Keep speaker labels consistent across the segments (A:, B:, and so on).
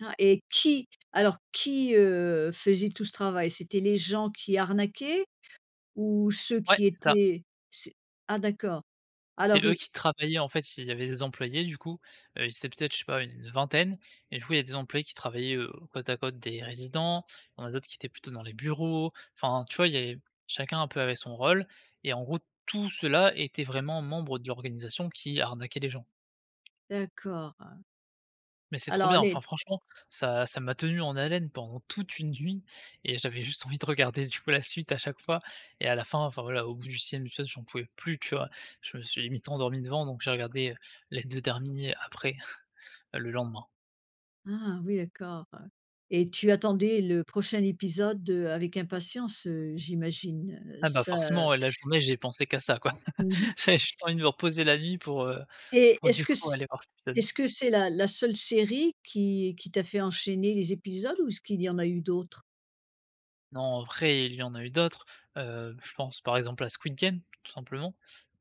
A: Ah, et qui alors qui, heu, faisait tout ce travail? C'était les gens qui arnaquaient ou ceux
B: Ouais
A: qui
B: c'est ça.
A: étaient c'est ah d'accord!
B: C'est
A: Alors
B: eux
A: ils
B: qui travaillaient en fait, il il y avait des employés, du coup, heu, ils étaient peut-être je sais pas, heu, une vingtaine et du coup, il y a des employés qui travaillaient, heu, côte à côte des résidents, il y en a d'autres qui étaient plutôt dans les bureaux, enfin, tu vois, il y avait chacun un peu avait son rôle, et en gros tout ceux là étaient vraiment membre de l'organisation qui arnaquait les gens.
A: D'accord, heu
B: Mais c'est trop
A: alors
B: bien,
A: les
B: enfin, franchement ça ça m'a tenu en haleine pendant toute une nuit et j'avais juste envie de regarder du coup, la suite à chaque fois et à la fin, enfin, voilà au bout du 6e épisode j'en pouvais plus tu vois, je me suis limite endormi devant, donc j'ai regardé, heu, les 2 derniers, après, heu, le lendemain.
A: Ah oui, d'accord, heu et tu attendais le prochain épisode, heu, avec impatience, heu, j'imagine, heu,
B: Ah bah,
A: ça
B: forcément, ouais, la journée j'ai pensé qu'à ça quoi,
A: Mmh mh.
B: j'avais juste envie de me reposer la nuit pour, heu,
A: Et
B: pour
A: est-ce
B: du
A: que
B: coup
A: c'
B: aller voir cet épisode.
A: est-ce que c'est la la seule série qui qui t'a fait enchaîner les épisodes ou est-ce qu'il y en a eu d'autres?
B: Non, en vrai, il y en a eu d'autres, heu, je pense par exemple à Squid Game, tout simplement,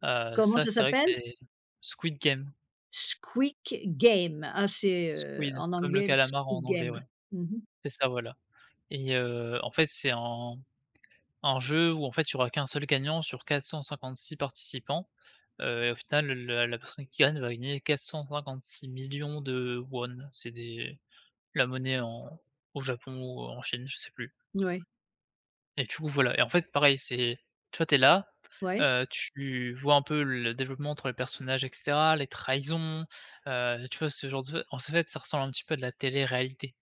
B: heu,
A: Comment
B: ça
A: ça
B: c'est vrai que
A: s'appelle?
B: c'est Squid Game.
A: Squick Game, ah, c'est heu,
B: Squid
A: en
B: comme le
A: anglais,
B: calamar en
A: Squid
B: anglais, ouais,
A: Game. Mmh mh.
B: c'est ça, voilà et heu, en fait c'est un un jeu où, en fait, il y aura qu' 1 seul gagnant sur 456 participants, heu et au final le le la personne qui gagne va gagner 456 000 000 ₩, c'est des la monnaie en au Japon ou en Chine, je sais plus
A: Ouais.
B: et du coup voilà, et en fait pareil, c'est tu vois, tu es là,
A: Ouais.
B: heu, tu vois un peu le développement entre les personnages et cetera, les trahisons, heu, tu vois, ce genre de tru en fait, ça ressemble un petit peu à de la télé-réalité,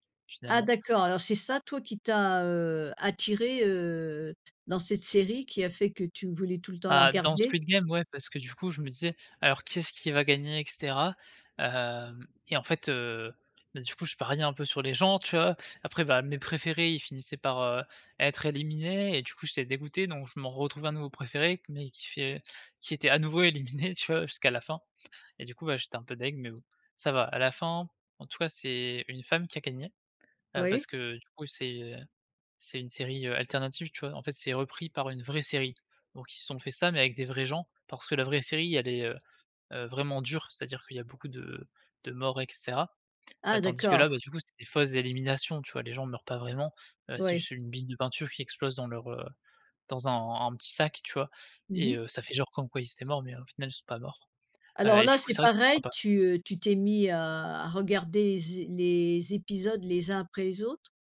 A: Ah
B: finalement.
A: d'accord, alors c'est ça toi, qui t'a, heu, attiré, heu, dans cette série qui a fait que tu voulais tout le temps la
B: Ah, dans
A: regarder?
B: Squid Game, ouais, parce que du coup je me disais: «Alors, qui est-ce qui va gagner?» et cetera, hem et en fait, heu, beh, du coup, je pariais un peu sur les gens, tu vois, après, bah, mes préférés, ils finissaient par, heu, être éliminés et du coup, j'étais dégoûté, donc je m'en retrouvais un nouveau préféré mais qui fait qui était à nouveau éliminé, tu vois, jusqu'à la fin et du coup, bah, j'étais un peu dég mais bon, ça va, à la fin, en tout cas, c'est une femme qui a gagné, heu,
A: Oui.
B: parce que du coup c'est, heu, c'est une série, heu, alternative, tu vois, en fait, c'est repris par une vraie série, donc ils se sont fait ça mais avec des vrais gens parce que la vraie série elle est, heu heu, vraiment dure, c'est-à-dire qu'il y a beaucoup de de morts et cetera,
A: Ah
B: bah, tandis que là, beh,
A: d'accord!
B: du coup, c'est des fausses éliminations, tu vois, les gens meurent pas vraiment, heu, c'est
A: Oui.
B: juste une bille de peinture qui explose dans leur, heu dans un un petit sac, tu vois
A: Mmh
B: et
A: mh.
B: heu, ça fait genre comme quoi ils étaient morts mais au final ils sont pas morts, heu
A: Alors
B: et
A: là,
B: du coup
A: c'est
B: c'est vrai que c'est
A: pareil,
B: sympa.
A: tu, heu, tu t'es mis à à regarder zes les épisodes les uns après les autres?